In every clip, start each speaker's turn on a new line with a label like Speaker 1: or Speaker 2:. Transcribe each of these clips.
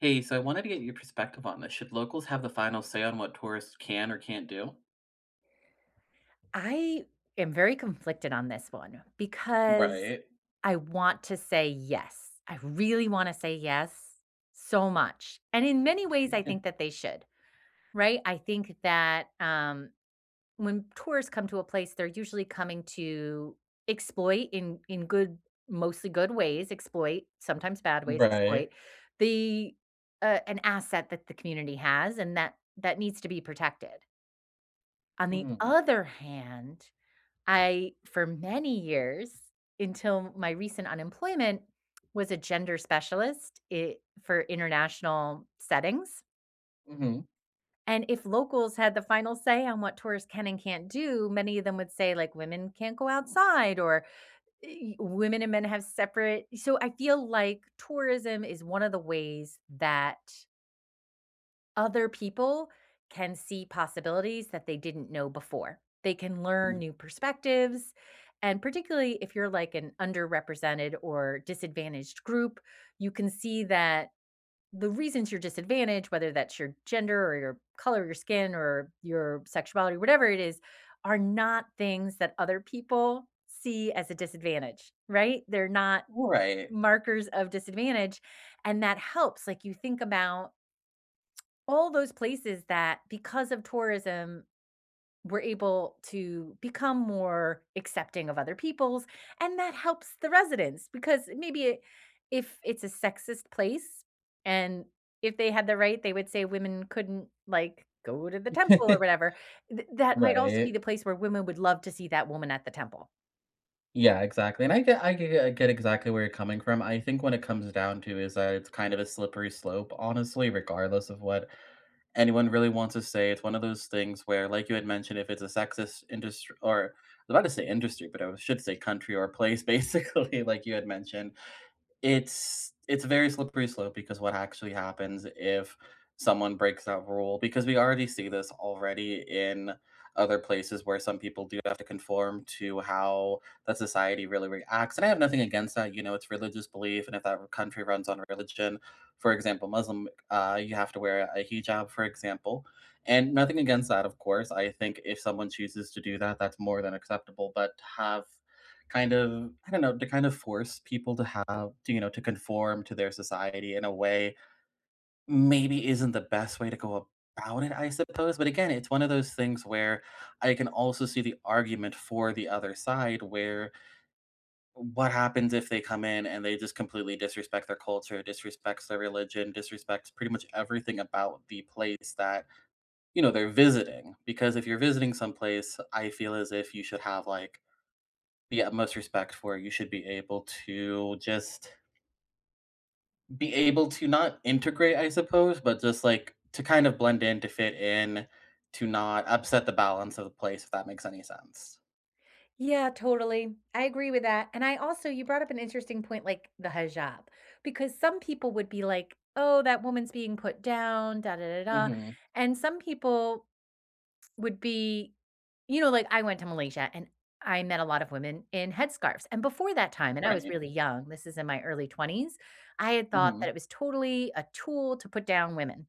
Speaker 1: Hey, so I wanted to get your perspective on this. Should locals have the final say on what tourists can or can't do?
Speaker 2: I am very conflicted on this one, because
Speaker 1: Right.
Speaker 2: I want to say yes. I really wanna say yes, so much. And in many ways, I think that they should, right? I think that, um, when tourists come to a place, they're usually coming to exploit in in good, mostly good ways, exploit sometimes bad ways, exploit,
Speaker 1: Right.
Speaker 2: the a an asset that the community has and that that needs to be protected. On the
Speaker 1: Mm.
Speaker 2: other hand, I, for many years, until my recent unemployment, was a gender specialist i for international settings.
Speaker 1: Mhm.
Speaker 2: And if locals had the final say on what tourists can and can't do, many of them would say like, women can't go outside or eh women and men have separate so I feel like tourism is one of the ways that Other people can see possibilities that they didn't know before. They can learn
Speaker 1: [unintelligible]
Speaker 2: new perspectives, and particularly if you're like, an underrepresented or disadvantaged group, you can see that the reasons you're disadvantaged, whether that's your gender or your color of your skin or your sexuality, whatever it is, are not things that other people see as a disadvantage, right? They're not
Speaker 1: Right.
Speaker 2: markers of disadvantage, and that helps. Like you think about all those places that because of tourism were able to become more accepting of other peoples, and that helps the residents because maybe if it's a sexist place and if they had the right, they would say women couldn't like, go to the temple or whatever. Th that might also be
Speaker 1: Right.
Speaker 2: the place where women would love to see that woman at the temple.
Speaker 1: Yeah, exactly. And I get I g get I get exactly where you're coming from, I think what it comes down to is, uh, it's kind of a slippery slope, honestly, regardless of what anyone really wants to say, it's one of those things where, like you had mentioned, if it's a sexist indust or I was about to say industry, but I should say country or place, basically like you had mentioned. It's it's a very slippery slope, because what actually happens if someone breaks that rule because we already see this already in other places where some people do have to conform to how that society really reacts, and I have nothing against that, you know, it's religious belief, and if that r country runs on religion, for example, Muslim, uh, you have to wear a hijab, for example, and nothing against that, of course. I think if someone chooses to do that, that's more than acceptable, but to have kind of, I don't know, to kind of force people to have, t you know, to conform to their society in a way, maybe isn't the best way to go about it, I suppose. But again, it's one of those things where I can also see the argument for the other side where what happens if they come in and they just completely disrespect their culture, disrespects their religion, disrespects pretty much everything about the place that, you know, they're visiting. Because if you're visiting someplace, I feel as if you should have like the utmost respect for it. You should be able to just Be able to not integrate, I suppose, but just like to kind of blend in, to fit in, to not upset the balance of the place, if that makes any sense.
Speaker 2: Yeah, totally. I agree with that. And I also you brought up an interesting point like the hijab. Because some people would be like, "Oh, that woman's being put down, da, da, da, da."
Speaker 1: Mhm.
Speaker 2: And some people would be you know, like, I went to Malaysia and I met a lot of women in headscarves. And before that time, and I was
Speaker 1: Right.
Speaker 2: really young, this is in my early 20s, I had thought that
Speaker 1: Mhm.
Speaker 2: it was totally a tool to put down women,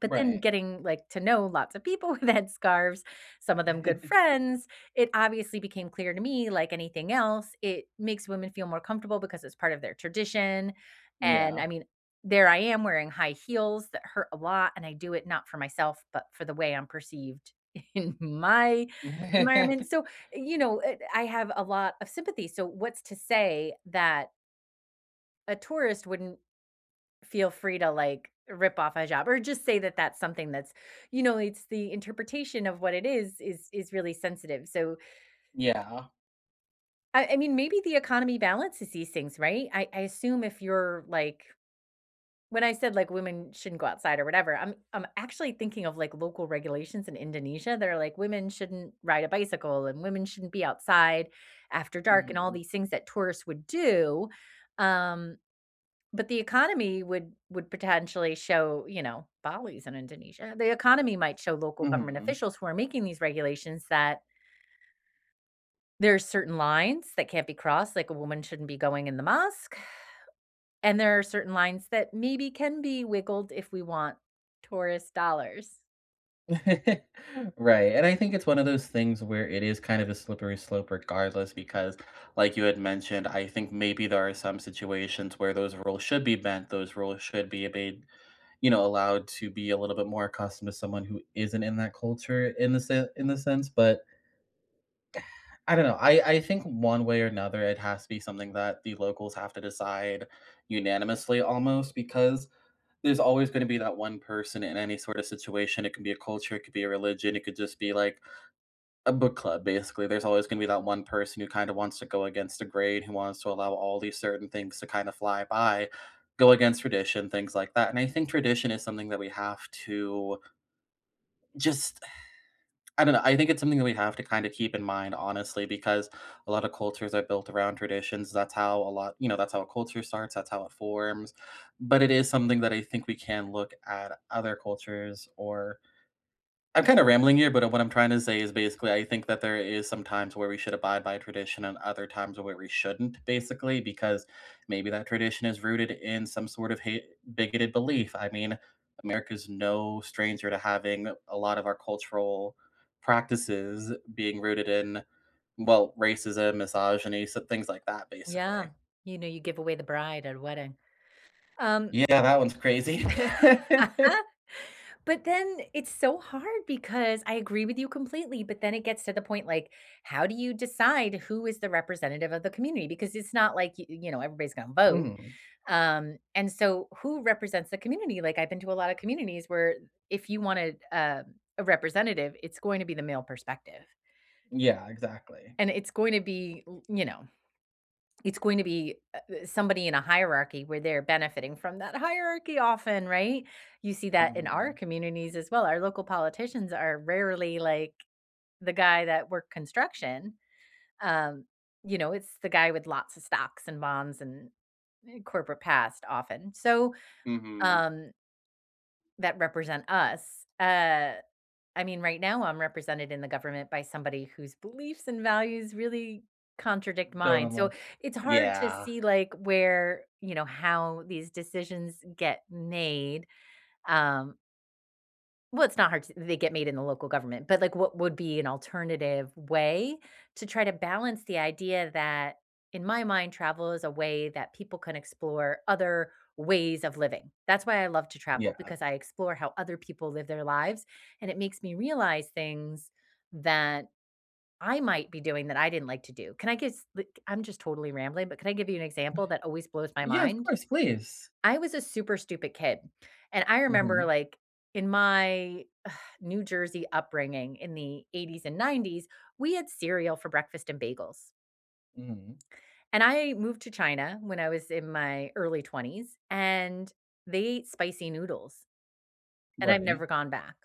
Speaker 2: but then
Speaker 1: Right.
Speaker 2: getting, like, to know lots of people in headscarves- some of them good friends- it obviously became clear to me like anything else, it makes women feel more comfortable because it's part of their tradition. And,
Speaker 1: Yeah.
Speaker 2: I mean, there I am wearing high heels that hurt a lot and I do it not for myself, but for the way I'm perceived in my environment. So, you know, eh, I have a lot of sympathy. So, what's to say, that a tourist wouldn't feel free to, like, rip off a hijab or just say that that's something that's you know, it's the interpretation of what it is, is is really sensitive. So
Speaker 1: Yeah.
Speaker 2: I I mean, maybe the economy balances these things, right? I I assume if you're like when I said, like, women shouldn't go outside or whatever, I'm I'm actually thinking of, like, local regulations in Indonesia. They're like women shouldn't ride a bicycle and women shouldn't be outside after dark and all
Speaker 1: Mhm.
Speaker 2: these things that tourists would do, um, but the economy would would potentially show, you know Bali's in Indonesia. The economy might show local government
Speaker 1: Mhm.
Speaker 2: officials who are making these regulations that there are certain lines that can't be crossed, like, a woman shouldn't be going in the mosque, and there are certain lines that maybe can be wiggled if we want tourist dollars.
Speaker 1: Right, and I think it's one of those things where it is, kind of, a slippery slope regardless because, like, you had mentioned, I think maybe there are some situations where those rules should be bent, those rules should be a b you know, allowed to be a little bit more accustomed to someone who isn't in that culture in the sen in the sense, but I don't know. I I think one way or another it has to be something that the locals have to decide unanimously almost because there's always gonna be that one person in any, sort of, situation, it could be a culture, it could be a religion, it could, just, be, like, a book club, basically. There's always gonna be that one person who, kind of, wants to go against the grain, who wants to allow all these certain things to, kind of, fly by, go against tradition, things like that, and I think tradition is something that we have to just, I don't know. I think it's something that we have to, kind of, keep in mind, honestly, because a lot of cultures are built around traditions, that's how a lot you know, that's how a culture starts, that's how it forms, but it is something that I think we can look at other cultures, or I'm, kind of, rambling here, but what I'm trying to say is basically I think that there is some times where we should abide by tradition and other times where we shouldn't basically because maybe that tradition is rooted in some, sort of, ha bigoted belief. I mean, America's no stranger to having a lot of our cultural practices being rooted in, well, racism, misogyny, so things like that
Speaker 2: Yeah.
Speaker 1: basically.
Speaker 2: You know, you give away the bride at a wedding. Um
Speaker 1: Yeah, that one's crazy.
Speaker 2: But then it's so hard because I agree with you completely, but then it gets to the point, like, how do you decide who is the representative of the community, because it's not like y you know, everybody's gonna vote,
Speaker 1: Mhm.
Speaker 2: um, and, so, who represents the community? Like, I've been to a lot of communities where i if you wanted, uh, a representative, it's going to be the male perspective
Speaker 1: Yeah, exactly.
Speaker 2: and it's going to be u you know, it's going to be, uh, somebody in a hierarchy where they're benefiting from that hierarchy often, right? You see that in our
Speaker 1: Mhm.
Speaker 2: communities as well. Our local politicians are rarely like the guy that worked construction, um, you know, it's the guy with lots of stocks and bonds and n n corporate past often. So,
Speaker 1: Mhm.
Speaker 2: um that represent us. Uh, I mean, right now I'm represented in the government by somebody whose beliefs and values really contradict mine. So
Speaker 1: [unintelligible]
Speaker 2: it's hard to
Speaker 1: Yeah.
Speaker 2: see, like, where, you know, how these decisions get made. Um Well, it's not hard to They get made in the local government, but, like, what would be an alternative way to try to balance the idea that, in my mind, travel is a way that people can explore other ways of living. That's why I love to travel,
Speaker 1: Yeah.
Speaker 2: because I explore how other people live their lives, and it makes me realize things that I might be doing that I didn't like to do. Can I give s like, I'm just totally rambling, but can I give you an
Speaker 1: W
Speaker 2: example that always blows my
Speaker 1: Yeah, of
Speaker 2: mind?
Speaker 1: course, please.
Speaker 2: I was a super stupid kid, and I remember,
Speaker 1: Mhm.
Speaker 2: like, in my New Jersey upbringing in the '80s and '90s we had cereal for breakfast and bagels.
Speaker 1: Mhm.
Speaker 2: And I moved to China when I was in my early 20s and they ate spicy noodles, and I've
Speaker 1: Right.
Speaker 2: never gone back.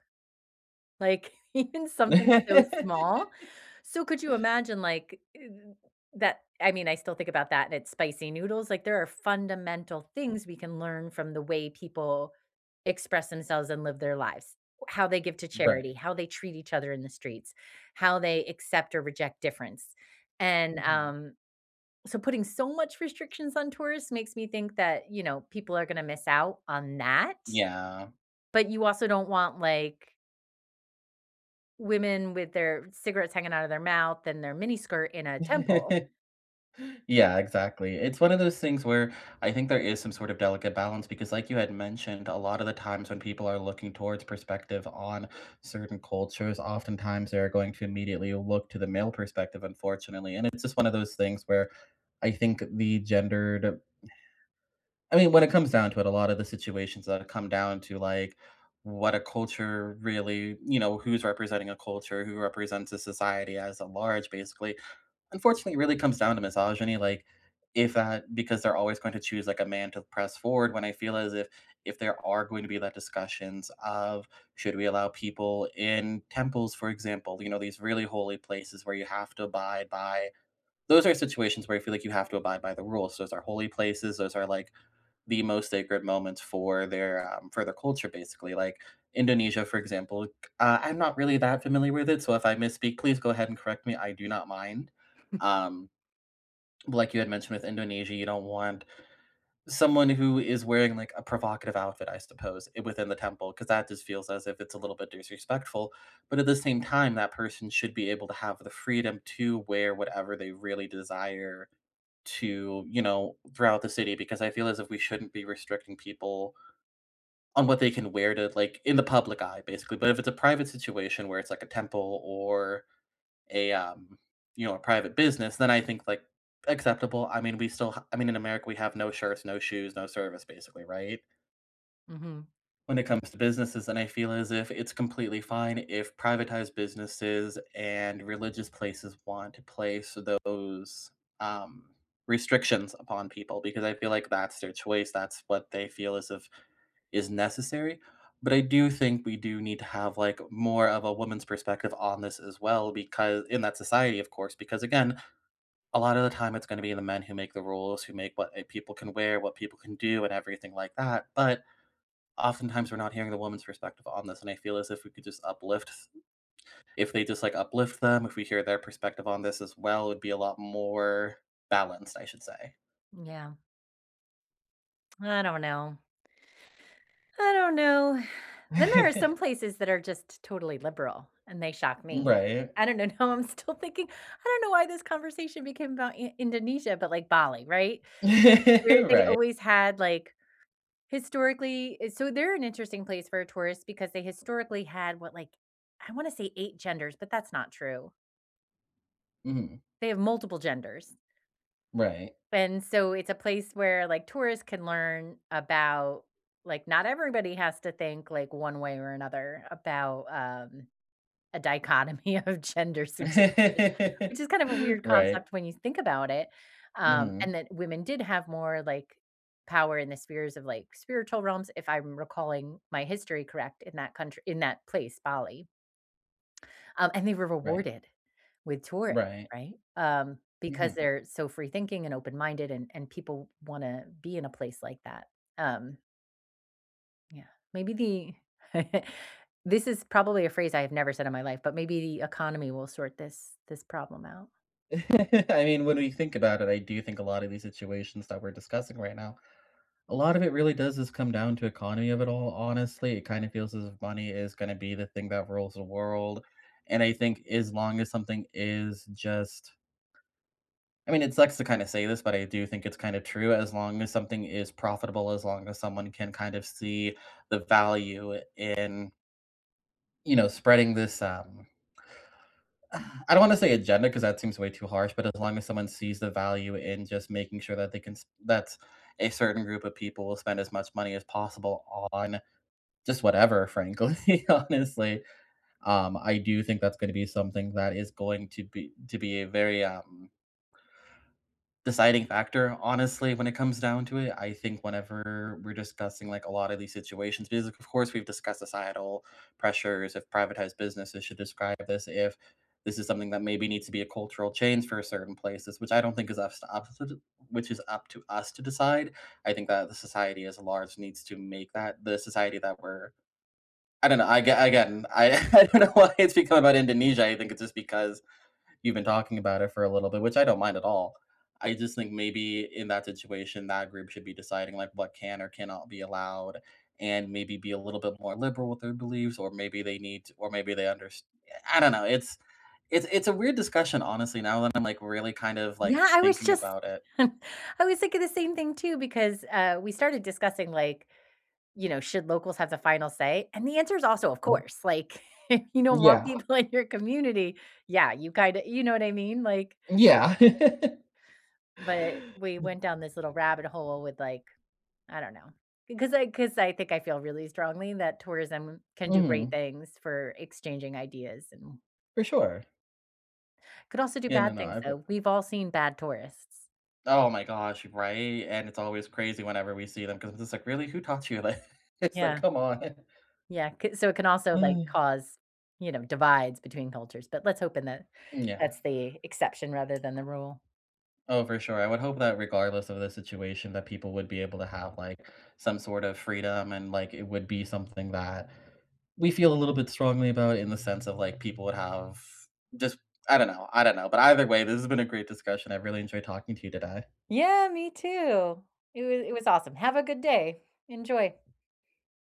Speaker 2: Like, even something so small. So could you imagine, like, uh, that I mean, I still think about that, and it's spicy noodles. Like, there are fundamental things we can learn from the way people express themselves and live their lives, how they give to charity,
Speaker 1: Right.
Speaker 2: how they treat each other in the streets, how they accept or reject difference. And,
Speaker 1: Mhm.
Speaker 2: um, so putting so much restrictions on tourists makes me think that, you know, people are gonna miss out on that.
Speaker 1: Yeah.
Speaker 2: But you also don't want, like Women with their cigarettes hanging out of their mouth and their miniskirt in a temple
Speaker 1: Yeah, exactly. It's one of those things where I think there is some sort of delicate balance, because like you had mentioned, a lot of the times when people are looking towards perspective on certain cultures, oftentimes they're going to immediately look to the male perspective unfortunately, and it's just one of those things where I think the gendered... I mean, when it comes down to it, a lot of the situations that come down to, like, what a culture really you know, who's representing a culture, who represents a society as a large basically, unfortunately really comes down to misogyny. Like, if, uh, because they're always going to choose, like, a man to press forward when I feel as if if there are going to be that discussions of "Should we allow people in temples?", for example, you know, these really holy places where you have to abide by Those are situations where I feel like you have to abide by the rules. Those are holy places. Those are, like, the most sacred moments for their, um, for their culture basically. Like Indonesia, for example, uh, I'm not really that familiar with it, so if I misspeak, please go ahead and correct me, I do not mind. Um, like you had mentioned with Indonesia, you don't want someone who is wearing, like, a provocative outfit, I suppose, e within the temple, 'cause that just feels as if it's a little bit disrespectful, but at the same time, that person should be able to have the freedom to wear whatever they really desire to, you know throughout the city, because I feel as if we shouldn't be restricting people on what they can wear to, like, in the public eye basically. But if it's a private situation where it's like a temple or a, um, you know, a private business, then I think, like, acceptable, I mean, we still h I mean, in America we have no shirts, no shoes, no service, basically, right?
Speaker 2: Mhm.
Speaker 1: When it comes to businesses, then I feel as if it's completely fine if privatized businesses and religious places want to place those, um, restrictions upon people because I feel like that's their choice. That's what they feel as if is necessary. But I do think we do need to have, like, more of a woman's perspective on this as well becau In that society of course, because again, a lot of the time it's gonna be the men who make the rules, who make what, uh, people can wear, what people can do, and everything like that. But oftentimes we're not hearing the woman's perspective on this, and I feel as if we could just uplift, s if they just, like, uplift them, if we hear their perspective on this as well, it be a lot more balanced I should say.
Speaker 2: Yeah. I don't know. I don't know. Then there are some places that are just totally liberal, and they shock me.
Speaker 1: Right.
Speaker 2: I don't know. Now I'm still thinking, I don't know why this conversation became about In Indonesia, but, like, Bali, right? Where they
Speaker 1: Right.
Speaker 2: always had, like, historically So they're an interesting place for a tourist because they historically had, what, like, I wanna say 8 genders, but that's not true.
Speaker 1: Mhm.
Speaker 2: They have multiple genders.
Speaker 1: Right.
Speaker 2: And so it's a place where, like, tourists can learn about like, not everybody has to think, like, one way or another about, um, a dichotomy of genders, which is which is kind of a weird
Speaker 1: Right.
Speaker 2: concept when you think about it. Um,
Speaker 1: Mhm.
Speaker 2: and that women did have more, like, power in the spheres of, like, spiritual realms, if I'm recalling my history correct in that country in that place- Bali. Um, and they were
Speaker 1: Right.
Speaker 2: rewarded with tourists,
Speaker 1: Right.
Speaker 2: right? Um, because
Speaker 1: Mhm.
Speaker 2: they're so free-thinking and open-minded, and and people wanna be in a place like that. Um Yeah. Maybe the this is probably a phrase I have never said in my life, but maybe the economy will sort this this problem out.
Speaker 1: I mean, when we think about it, I do think a lot of these situations that we're discussing right now a lot of it really does just come down to economy of it all, honestly. It kinda feels as if money is gonna be the thing that rules the world. And I think as long as something is just I mean, it sucks to kinda say this, but I do think it's kinda true. As long as something is profitable, as long as someone can kind of see the value in You know, spreading this, um I don't wanna say agenda 'cause that seems way too harsh, but as long as someone sees the value in just making sure that they can s that a certain group of people will spend as much money as possible on just whatever, frankly, honestly. Um, I do think that's gonna be something that is going to be to be a very, um deciding factor, honestly, when it comes down to it. I think whenever we're discussing, like, a lot of these situations, be of course we've discussed societal pressures, if privatized businesses should describe this, if this is something that maybe needs to be a cultural change for certain places, which I don't think is up to up to de which is up to us to decide. I think that the society as a large needs to make that the society that we're I don't know. Ag again, I I don't know why it's become about Indonesia. I think it's just because you've been talking about it for a little bit, which I don't mind at all. I just think maybe in that situation, that group should be deciding, like, what can or cannot be allowed, and maybe be a little bit more liberal with their beliefs, or maybe they need to, or maybe they underst I don't know. It's it's it's a weird discussion, honestly, now that I'm, like, really kind of, like,
Speaker 2: Yeah, I was
Speaker 1: thinking
Speaker 2: just
Speaker 1: about it.
Speaker 2: I was thinking the same thing too because, uh, we started discussing, like, you know, should locals have the final say? And the answer is also, of
Speaker 1: Mhm.
Speaker 2: course. Like, you don't want
Speaker 1: Yeah.
Speaker 2: people in your community. Yeah, you kinda you know what I mean? Like
Speaker 1: Yeah.
Speaker 2: but we went
Speaker 1: [unintelligible]
Speaker 2: down this little rabbit hole with, like, I don't know. Because I 'cause I think I feel really strongly that tourism can do great
Speaker 1: Mhm.
Speaker 2: things for exchanging ideas and
Speaker 1: For sure.
Speaker 2: could also do
Speaker 1: Yeah, no,
Speaker 2: bad
Speaker 1: no,
Speaker 2: things
Speaker 1: I've got
Speaker 2: though. We've all seen bad tourists.
Speaker 1: Oh my gosh, right? And it's always crazy whenever we see them 'cause it's just like, "Really? Who taught you?" Like, it's like,
Speaker 2: Yeah.
Speaker 1: "Come on."
Speaker 2: Yeah, ‘ca so it can also like
Speaker 1: Oh.
Speaker 2: cause, you know, divides between cultures, but let's hope in that
Speaker 1: Mm, yeah.
Speaker 2: that's the exception rather than the rule.
Speaker 1: Oh, for sure. I would hope that regardless of the situation, that people would be able to have, like, some sort of freedom and, like, it would be something that we feel a little bit strongly about in the sense of, like, people would have just I don't know I don't know. But either way, this has been a great discussion. I really enjoyed talking to you today.
Speaker 2: Yeah, me too. It wa it was awesome. Have a good day. Enjoy.